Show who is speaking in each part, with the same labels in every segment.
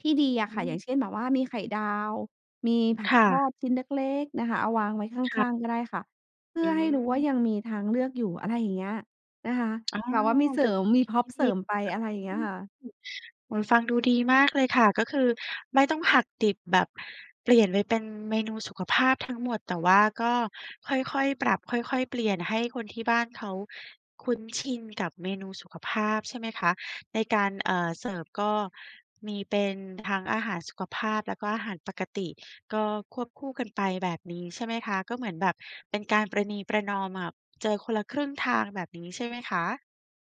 Speaker 1: ที่ดีอะ
Speaker 2: อ
Speaker 1: ค่ะ อย่า
Speaker 2: ืม
Speaker 1: งเช่น แบบว่ามีไข่ดาว มีผั
Speaker 2: ค
Speaker 1: ก
Speaker 2: ่
Speaker 1: ทอ
Speaker 2: ะ
Speaker 1: ดชิ้นเล็ก ๆ นะคะ เอาวางไว้ข
Speaker 2: ค่ะ
Speaker 1: ้าง ๆ ก็ได้ค่ะ เพื่
Speaker 2: อื
Speaker 1: อให้รู้ว่า
Speaker 2: ม
Speaker 1: ยังมีทางเลือกอยู่ อะไรอย่างเงี้ยนะคะ
Speaker 2: อ๋อ
Speaker 1: แบบว่ามีเส
Speaker 2: ไ
Speaker 1: ร
Speaker 2: ป
Speaker 1: ิ
Speaker 2: ท
Speaker 1: ม มี
Speaker 2: ท ที
Speaker 1: พร็
Speaker 2: ท
Speaker 1: อป
Speaker 2: ี่
Speaker 1: เ
Speaker 2: ด
Speaker 1: สร
Speaker 2: ี
Speaker 1: ิมไป อะไรอย่างเงี้ยค่ะ
Speaker 2: เหมือนฟังดูดีมากเลยค่ะ ก็คือไม่ต้องหักดิบแบบเปลี่ยนไปเป็นเมนูสุขภาพทั้งหมด แต่ว่าก็ค่อย ๆ ปรับ ค่อย ๆ เปลี่ยนให้คนที่บ้านเขาคุ้นชินกับเมนูสุขภาพ ใช่ไหมคะ ในการ เอ่อ เสิร์ฟก็มีเป็นทั้งอาหารสุขภาพ แล้วก็อาหารปกติ ก็ควบคู่กันไปแบบนี้ ใช่ไหมคะ ก็เหมือนแบบเป็นการประนีประนอม แบบเจอคนละครึ่งทาง แบบนี้ใช่ไหมคะ?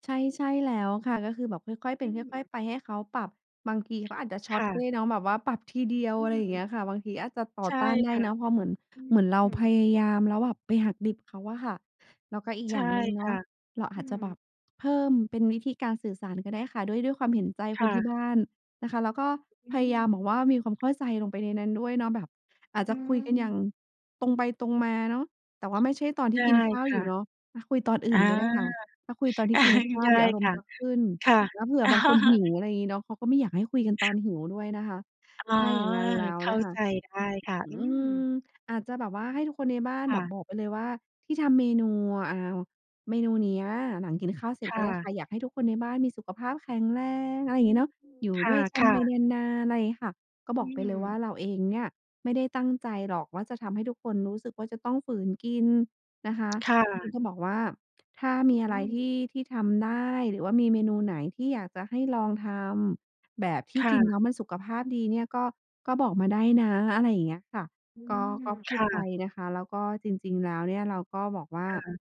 Speaker 1: ใช่ ใช่แล้วค่ะ ก็คือแบบค่อย ๆ เ
Speaker 2: อ
Speaker 1: ป็
Speaker 2: ื
Speaker 1: นค่อ
Speaker 2: ม
Speaker 1: ย ๆ ไป ให้เขาปรับ บางทีเขาอาจจะช
Speaker 2: ค
Speaker 1: ็อต
Speaker 2: ่
Speaker 1: ด้
Speaker 2: ะ
Speaker 1: วยเนาะ แบบว่าปรับทีเดียว
Speaker 2: อื
Speaker 1: อะไรอย่างเงี
Speaker 2: ม
Speaker 1: ้ยค่ะ บางทีอาจจะต่
Speaker 2: ใ
Speaker 1: อ
Speaker 2: ช่
Speaker 1: ต้านได้
Speaker 2: ค่ะ
Speaker 1: เนาะ เพราะเหมือน
Speaker 2: อ
Speaker 1: เหมือนเรา
Speaker 2: ืม
Speaker 1: พ
Speaker 2: ๆ
Speaker 1: ยายามแล้วแบบไปหักดิบ เขาอะค่ะ แล้วก็อีก
Speaker 2: ใช
Speaker 1: อย่
Speaker 2: ่
Speaker 1: างหนึ่งเ
Speaker 2: ค
Speaker 1: นา
Speaker 2: ่
Speaker 1: ะ
Speaker 2: ะ
Speaker 1: เรา
Speaker 2: อ
Speaker 1: อ
Speaker 2: ื
Speaker 1: าจจะแบ
Speaker 2: ม
Speaker 1: บเพิ่มเป็นวิธีการสื่อสารก็ได้ค่ะ ด้วย ด้วยความเห็นใจ
Speaker 2: ค
Speaker 1: ค
Speaker 2: ่
Speaker 1: นที่
Speaker 2: ะ
Speaker 1: บ้านนะคะ แล้วก็
Speaker 2: อื
Speaker 1: พยายาม
Speaker 2: ม
Speaker 1: บอกว่ามีความเข้าใจลงไปในนั้นด้วยเนาะ แบบ อาจ
Speaker 2: อื
Speaker 1: จะคุยกันอย่า
Speaker 2: ม
Speaker 1: งตรงไปตรงมาเนาะ แต่ว่าไม่ใช่ตอนท
Speaker 2: ไ
Speaker 1: ี
Speaker 2: ด
Speaker 1: ่
Speaker 2: ้
Speaker 1: กินข้าว
Speaker 2: ค
Speaker 1: อย
Speaker 2: ่
Speaker 1: ู
Speaker 2: ะ
Speaker 1: ่เนาะ ถ้าคุยตอนอื
Speaker 2: อ
Speaker 1: ่
Speaker 2: า
Speaker 1: นก็ได้ค่ะ ถ้าคุยตอนที่กินข้า
Speaker 2: ได
Speaker 1: ว
Speaker 2: ้
Speaker 1: เดี๋ยวอารม
Speaker 2: ค
Speaker 1: ณ
Speaker 2: ่
Speaker 1: ์
Speaker 2: ะ
Speaker 1: จะขึ้น
Speaker 2: ค่ะ
Speaker 1: แล้วเผื่อบางคนหิว อะไรอย่างงี้เนาะ เขาก็ไม่อยากให้คุยกันตอนหิวด้วยนะคะ
Speaker 2: อ๋อ
Speaker 1: ถ้าอย่างงั้นแล้ว
Speaker 2: เข้
Speaker 1: น
Speaker 2: า
Speaker 1: ะคะ
Speaker 2: ใจได้ค่ะ
Speaker 1: อ อื
Speaker 2: อือ
Speaker 1: ม อาจจะแบบว่าให้ทุกคนในบ้าน
Speaker 2: ค
Speaker 1: แ
Speaker 2: ่
Speaker 1: บบ
Speaker 2: ะ
Speaker 1: บอกไปเลย ว่าที่ทำเมนู อ่าว เมนูเนี้ยหลังกินข้าวเสร็จ
Speaker 2: ค่
Speaker 1: ก็ได้
Speaker 2: ะ
Speaker 1: ค่ะ "อยากให้ทุกคนในบ้านมีสุขภาพแข็งแรง" อะไรอย
Speaker 2: อ
Speaker 1: ่า
Speaker 2: ื
Speaker 1: งงี้
Speaker 2: ม
Speaker 1: เนาะ "อยู่
Speaker 2: ค
Speaker 1: ด้วยกัน
Speaker 2: ่
Speaker 1: ไ
Speaker 2: ะ
Speaker 1: ป
Speaker 2: ๆ
Speaker 1: นาน ๆ" อะไรอย่างงี้ค่ะ ก็
Speaker 2: อ
Speaker 1: บ
Speaker 2: ื
Speaker 1: อกไปเลยว่
Speaker 2: ม
Speaker 1: าเราเองเนี่ยไม่ได้ตั้งใจหรอกว่าจะทำให้ทุกคนรู้สึกว่าจะต้องฝืนกินนะคะ
Speaker 2: ค่
Speaker 1: คุณ
Speaker 2: ะ
Speaker 1: ต้องบอกว่า "ถ้ามีอ
Speaker 2: อ
Speaker 1: ะ
Speaker 2: ื
Speaker 1: ไรท
Speaker 2: ม
Speaker 1: ี่ ที่ทำได้ หรือว่ามีเมนูไหนที่อยากจะให้ลองทำ แบบที
Speaker 2: ค
Speaker 1: ่
Speaker 2: ่
Speaker 1: กินแ
Speaker 2: ะ
Speaker 1: ล้วมันสุขภาพดีเนี่ย ก็ ก็บอกมาได้นะ" อะไรอย่างเงี้ยค่ะ
Speaker 2: อื
Speaker 1: ก็ ก
Speaker 2: ม
Speaker 1: ็พ
Speaker 2: ค
Speaker 1: ูด
Speaker 2: ่
Speaker 1: ไป
Speaker 2: ะ
Speaker 1: นะคะ แล้วก็จริง ๆ แล้วเนี่ย เราก็บอกว่า
Speaker 2: ค่ะ